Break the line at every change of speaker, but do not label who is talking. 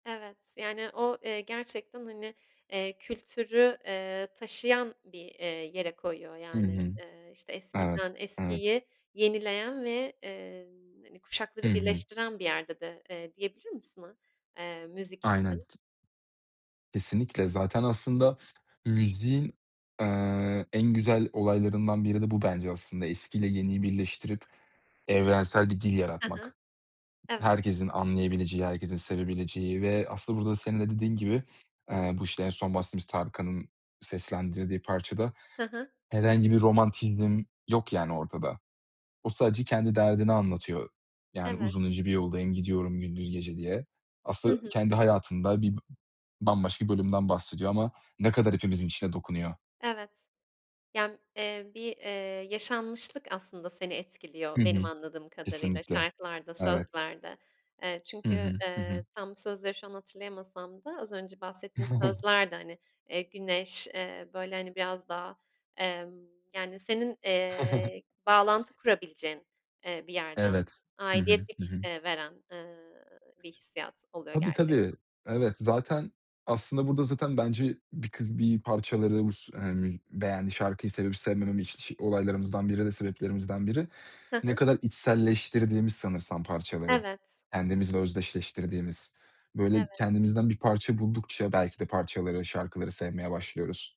Evet. Yani, o, eee, gerçekten, hani, eee, kültürü, eee, taşıyan bir, eee, yere koyuyor,
Hı
yani.
hı.
Eee, işte,
Evet.
eskiden
Evet.
eskiyi yenileyen ve, eee, hani,
Hı
kuşakları
hı.
birleştiren bir yerde de, eee, diyebilir misin a eee, müzik
Aynen,
için?
t Kesinlikle! Zaten aslında müziğin, ııı, en güzel olaylarından biri de bu bence aslında. Eskiyle yeniyi birleştirip evrensel bir dil
Hı hı.
yaratmak.
Evet.
Herkesin anlayabileceği, herkesin sevebileceği ve aslında burada senin de dediğin gibi, eee, bu, işte, en son bahsettiğimiz Tarkan'ın seslendirdiği parçada
Hı hı.
herhangi bir romantizm yok, yani ortada. O sadece kendi derdini anlatıyor. Yani,
Evet.
"Uzun ince bir yoldayım, gidiyorum gündüz gece." diye.
Hı
Aslında
hı.
kendi hayatında bi bambaşka bir bölümden bahsediyor ama ne kadar hepimizin içine dokunuyor.
Evet. Yani, eee, bir, eee, yaşanmışlık aslında seni
Hı
etkiliyor, benim
hı.
anladığım kadarıyla,
Kesinlikle.
şarkılarda,
Evet.
sözlerde. Eee,
Hı
çünkü,
hı. Hı hı.
eee, tam bu sözleri şu an hatırlayamasam da az önce bahsettiğin sözler de, hani, eee, güneş, eee, böyle, hani, biraz daha, emm, yani, senin, eee, bağlantı kurabileceğin, eee, bir yerden
Evet. Hı hı, hı
aidiyetlik,
hı.
eee, veren, ııı, bir hissiyat oluyor
Tabii, tabii.
gerçekten.
Evet. Zaten aslında burada, zaten bence, bir kı bir parçaları bu s hani, beğendiği şarkıyı sevip sevmemem iş olaylarımızdan biri de sebeplerimizden biri.
Hı
Ne
hı.
kadar içselleştirdiğimiz sanırsam parçaları,
Evet.
kendimizle özdeşleştirdiğimiz. Böyle,
Evet.
kendimizden bir parça buldukça belki de parçaları, şarkıları sevmeye başlıyoruz.